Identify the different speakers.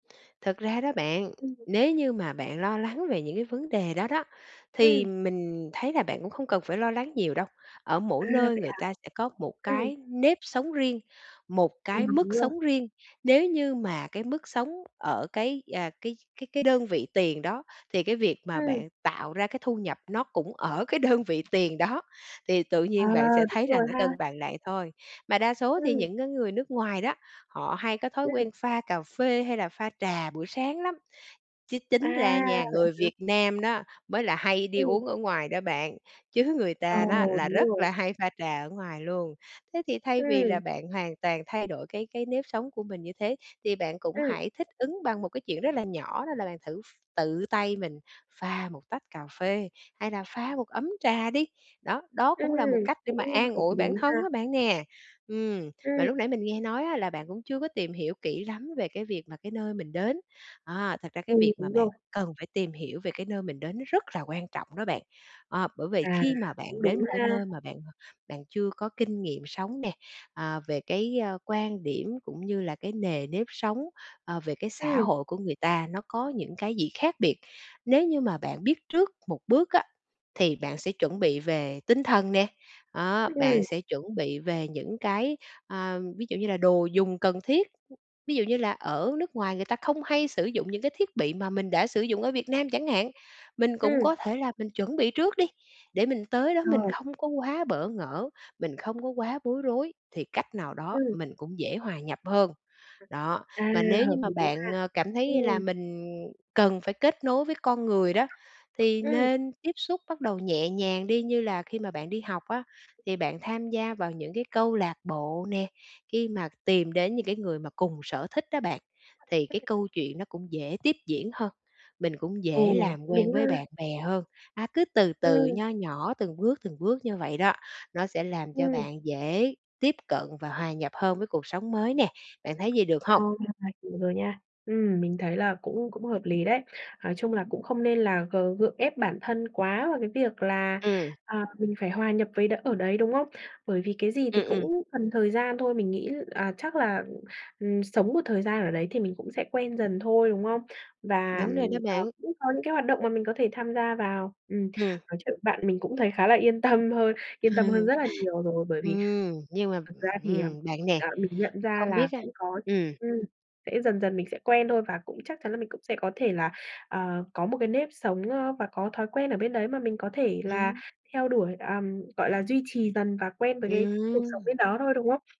Speaker 1: Thật ra đó bạn,
Speaker 2: Ừm.
Speaker 1: nếu như mà bạn lo lắng về những cái vấn đề đó đó, thì
Speaker 2: Ừm.
Speaker 1: mình thấy là bạn cũng không cần phải lo lắng nhiều đâu. Ở
Speaker 2: À,
Speaker 1: mỗi nơi
Speaker 2: vậy
Speaker 1: người
Speaker 2: hả?
Speaker 1: ta sẽ có một
Speaker 2: Ừm.
Speaker 1: cái nếp sống riêng, một
Speaker 2: Ừm,
Speaker 1: cái
Speaker 2: đúng
Speaker 1: mức
Speaker 2: rồi.
Speaker 1: sống riêng. Nếu như mà cái mức sống ở cái, à, cái cái cái đơn vị tiền đó, thì cái việc mà
Speaker 2: Ừm.
Speaker 1: bạn tạo ra cái thu nhập nó cũng ở cái đơn vị tiền đó, thì tự
Speaker 2: À,
Speaker 1: nhiên bạn sẽ
Speaker 2: đúng
Speaker 1: thấy là
Speaker 2: rồi
Speaker 1: nó
Speaker 2: ha.
Speaker 1: cân bằng lại thôi. Mà đa số thì
Speaker 2: Ừm.
Speaker 1: những cái người nước ngoài đó, họ hay có thói
Speaker 2: Ừm.
Speaker 1: quen pha cà phê hay là pha trà buổi sáng lắm. Chứ
Speaker 2: À,
Speaker 1: tính ra nha,
Speaker 2: vậy
Speaker 1: người
Speaker 2: hả?
Speaker 1: Việt Nam đó mới là hay đi
Speaker 2: Ừm.
Speaker 1: uống ở ngoài đó bạn, chứ người
Speaker 2: Ờ,
Speaker 1: ta đó là
Speaker 2: đúng
Speaker 1: rất
Speaker 2: rồi.
Speaker 1: là hay pha trà ở ngoài luôn. Thế thì thay vì là
Speaker 2: Ừm.
Speaker 1: bạn hoàn toàn thay đổi cái cái nếp sống của mình như thế thì bạn cũng
Speaker 2: Ừm.
Speaker 1: hãy thích ứng bằng một cái chuyện rất là nhỏ đó là bạn thử ph tự tay mình pha một tách cà phê, hay là pha một ấm trà đi. Đó, đó
Speaker 2: Ừm,
Speaker 1: cũng là một cách để mà
Speaker 2: cũng
Speaker 1: an
Speaker 2: hợp
Speaker 1: ủi
Speaker 2: lý
Speaker 1: bản thân
Speaker 2: ha.
Speaker 1: á bạn nè. Ừm, mà
Speaker 2: Ừm.
Speaker 1: lúc nãy mình nghe nói á là bạn cũng chưa có tìm hiểu kỹ lắm về cái việc mà cái nơi mình đến. À, thật ra cái
Speaker 2: Ừ,
Speaker 1: việc mà
Speaker 2: đúng
Speaker 1: bạn
Speaker 2: rồi.
Speaker 1: cần phải tìm hiểu về cái nơi mình đến nó rất là quan trọng đó bạn. Ờ, bởi vì
Speaker 2: À,
Speaker 1: khi mà
Speaker 2: cũng
Speaker 1: bạn đến
Speaker 2: đúng
Speaker 1: một cái
Speaker 2: ha.
Speaker 1: nơi mà bạn bạn chưa có kinh nghiệm sống nè, à, về cái, ơ, quan điểm cũng như là cái nề nếp sống, ờ, về cái xã
Speaker 2: Ừm.
Speaker 1: hội của người ta, nó có những cái gì khác biệt. Nếu như mà bạn biết trước một bước á, thì bạn sẽ chuẩn bị về tinh thần nè, đó, bạn
Speaker 2: Ừm.
Speaker 1: sẽ chuẩn bị về những cái, a, ví dụ như là đồ dùng cần thiết, ví dụ như là ở nước ngoài người ta không hay sử dụng những cái thiết bị mà mình đã sử dụng ở Việt Nam chẳng hạn, mình cũng
Speaker 2: Ừm.
Speaker 1: có thể là mình chuẩn bị trước đi, để mình tới đó mình
Speaker 2: Ờ.
Speaker 1: không có quá bỡ ngỡ, mình không có quá bối rối thì cách nào đó
Speaker 2: Ừm.
Speaker 1: mình cũng dễ hòa nhập hơn. Đó,
Speaker 2: À
Speaker 1: mà nếu như
Speaker 2: hợp
Speaker 1: mà
Speaker 2: lý ha,
Speaker 1: bạn, ờ, cảm thấy là
Speaker 2: ừm.
Speaker 1: mình cần phải kết nối với con người đó, thì
Speaker 2: Ừm.
Speaker 1: nên tiếp xúc bắt đầu nhẹ nhàng đi như là khi mà bạn đi học á, thì bạn tham gia vào những cái câu lạc bộ nè, khi mà tìm đến những cái người mà cùng sở thích á bạn, thì cái
Speaker 2: [unintelligible]
Speaker 1: câu chuyện nó cũng dễ tiếp diễn hơn, mình cũng
Speaker 2: Ừ,
Speaker 1: dễ làm
Speaker 2: cũng
Speaker 1: quen
Speaker 2: đúng ha.
Speaker 1: với bạn bè hơn. À, cứ từ từ,
Speaker 2: Ừm.
Speaker 1: nho nhỏ từng bước, từng bước như vậy đó, nó sẽ làm cho
Speaker 2: Ừm.
Speaker 1: bạn dễ tiếp cận và hòa nhập hơn với cuộc sống mới nè. Bạn thấy vậy được
Speaker 2: Ờ,
Speaker 1: hông?
Speaker 2: [unintelligible] hiểu rồi nha. Ừm, mình thấy là cũng cũng hợp lý đấy. Nói chung là cũng không nên là g gượng ép bản thân quá vào cái việc là,
Speaker 1: Ừm.
Speaker 2: à, mình phải hòa nhập với đ ở đấy, đúng không? Bởi vì cái gì thì
Speaker 1: Ừm, ừm.
Speaker 2: cũng cần thời gian thôi, mình nghĩ, à, chắc là, ừm, sống một thời gian ở đấy thì mình cũng sẽ quen dần thôi, đúng không? Và,
Speaker 1: Đúng rồi đó
Speaker 2: ờ,
Speaker 1: bạn.
Speaker 2: cũng có những cái hoạt động mà mình có thể tham gia vào. Ừm,
Speaker 1: Ừm.
Speaker 2: nói chuyện với bạn mình cũng thấy khá là yên tâm hơn, yên tâm hơn rất là nhiều rồi. Bởi vì
Speaker 1: Ừm. Nhưng mà,
Speaker 2: thật ra thì, ờ,
Speaker 1: ừm, bạn nè,
Speaker 2: ờ, mình nhận ra
Speaker 1: không biết
Speaker 2: là
Speaker 1: á,
Speaker 2: cũng có
Speaker 1: ừm.
Speaker 2: ừm, sẽ dần dần mình sẽ quen thôi, và cũng chắc chắn là mình cũng sẽ có thể là, ờ, có một cái nếp sống, ơ, và có thói quen ở bên đấy mà mình có thể là
Speaker 1: Ừm.
Speaker 2: theo đuổi, à, gọi là, duy trì dần và quen với cái cuộc sống bên
Speaker 1: Ừm.
Speaker 2: đó thôi, đúng không?